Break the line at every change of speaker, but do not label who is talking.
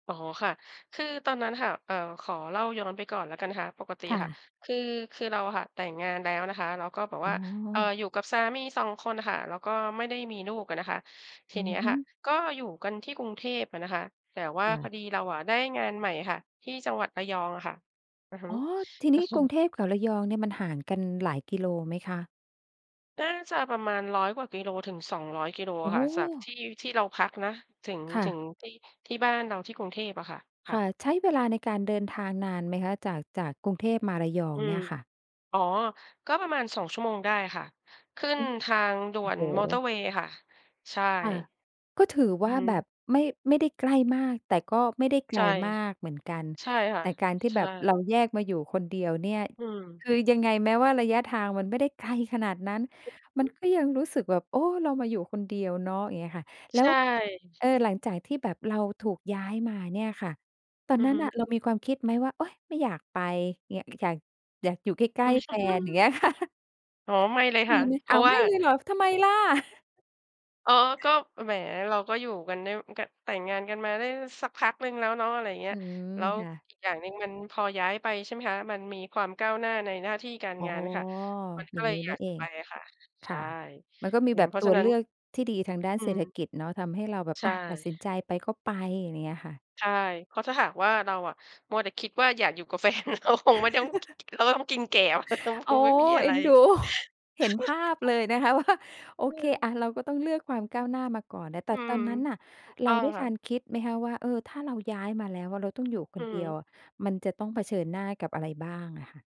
อ๋อค่ะ คือตอนนั้นค่ะ เอ่อ ขอเล่าย้อนไปก่อนละกันนะคะ ปกติ
ค
อ
่
ะค่ะ
ะ
คือ คือเราอะค่ะ แต่งงานแล้วนะคะ เราก็แบบ
อ
ว
๋
่า
อ
เอ่อ อยู่กับสามี 2 คนน่ะค่ะ แล้วก็ไม่ได้มีลูกอะนะคะ ที
อื
นี
อ
้อ
ฮ
ะค
ึ
่ะก็อยู่กันที่กรุงเทพอะนะคะ แต่ว่า
อย่
พอ
า
ดีเราอะได้งานใหม่ค่ะ ที่จังหวัดระยองอะค่ะ อือฮึ
อ๋อ ทีน
ก
ี
็
้
ค
ก
ึอ
รุงเทพกับระยองเนี่ยมันห่างกันหลายกิโลไหมคะ?
น่าจะประมาณร้อยกว่ากิโลถึง 200 กิโล
โอ
อ
้
ะค
โ
่ะ จาก
ฮ
ที่ ที่เราพักนะ ถึง
ค่
ถึ
ะ
งที่ ที่บ้านเราที่กรุงเทพอะค่ะ ค
ค
่ะ
่ะ ใช้เวลาในการเดินทางนานไหมคะ? จาก จากกรุงเทพมาระยอ
อ
ง
ื
เน
ม
ี่ยค่ะ
อ๋อ ก็ประมาณ 2 ชั่วโมงได้ค่ะ ขึ้
โอ
น
้
ทางด่
โอ
ว
้
น
โ
มอเตอร์
ฮ
เวย์ค่ะ ใช่
ค่ะ ก็ถือ
อ
ว
ื
่
อ
า
ฮ
แบบ
ึ
ไม่ ไม่ได้ใกล้มาก แต่ก็ไม่ได้ไก
ใช
ล
่
มากเหมือนกัน
ใช่ค่
แ
ะ
ต่การที่
ใช
แบบเร
่
าแยกมาอยู่คนเดียวเนี่ย
อืม
คือยังไงแม้ว่าระยะทางมันไม่ได้ไกลขนาดนั้น
อือ
ม
ฮ
ั
ึ
นก็ยังรู้สึกแบบ โอ้ เรามาอยู่คนเดียวเนาะ อย่างเงี้ยค่ะ แล
ใ
้
ช
ว
่
เออ หลังจากที่แบบเราถูกย้ายมาเนี่ยค่ะ ตอ
อ
น
ือ
นั้
ฮ
น
ึ
น่ะเรามีความคิดไหมว่า โอ๊ย ไม่อยากไป เงี้ย อยาก อยากอยู่ใกล้ ๆ แฟน อย่างเงี้ย ค่ะ
อ๋อ ไม่เลยค
ม
่
ี
ะ
ไหม
เพ
อ
ร
้
า
า
ะ
ว
ว
ไ
่
ม
า
่เลยเหรอ ทำไมล่ะ?
อ๋อ ก็ แหม เราก็อยู่กันได้ ก แต่งงานกันมาได้สักพักหนึ่งแล้วเนาะ อะไรเงี้
อ
ย
ืม
แล้ว
ค่ะ
อีกอย่างหนึ่งมันพอย้ายไปใช่ไหมคะ มันมีความก้าวหน้าในหน้าที่การ
อ๋อ
งานค่ะ มันก
อย
็
่าง
เล
งี
ย
้
อย
นี
า
่
ก
เ
จ
อ
ะไ
ง
ปอะค่ะ
ค
ใช
่
่
ะ มันก็มี
อื
แ
ม
บบ
เพรา
ต
ะฉ
ั
ะ
ว
นั
เ
้
ล
น
ือกที่ดีทางด้าน
อื
เศรษฐ
ม
กิจเนาะ ทำให้เราแบบ
ใช
อะ ตัดสิน
่
ใจไปก็ไป ไรเงี้ยค่ะ
ใช่ เพราะถ้าหากว่าเราอะมัวแต่คิดว่า อยากอยู่กับ แฟน เราคงไม่ต้อง เราก็ต้องกินแกลบคง ค
อ๋อ
งไม่มีอะ
เอ
ไ
็
ร
น ดู เห็นภาพเลยนะคะ ว่า โอ
เ
เค
ออ
เราก็ต้องเลือกความก้าวหน้ามาก่อนนะ แต
อื
่ต
ม
อนนั้นน่ะ
ถูก
เ
ต
ร
้
า
อง
ได้
ค่
ทั
ะ
นคิดไหมคะว่า เออ ถ้าเราย้ายมาแล้วอะ เราต้องอยู่ค
อื
น
อ
เ
ฮ
ด
ึ
ียวอะ มันจะต้องเผชิญหน้ากับอะไรบ้างอะค่ะ?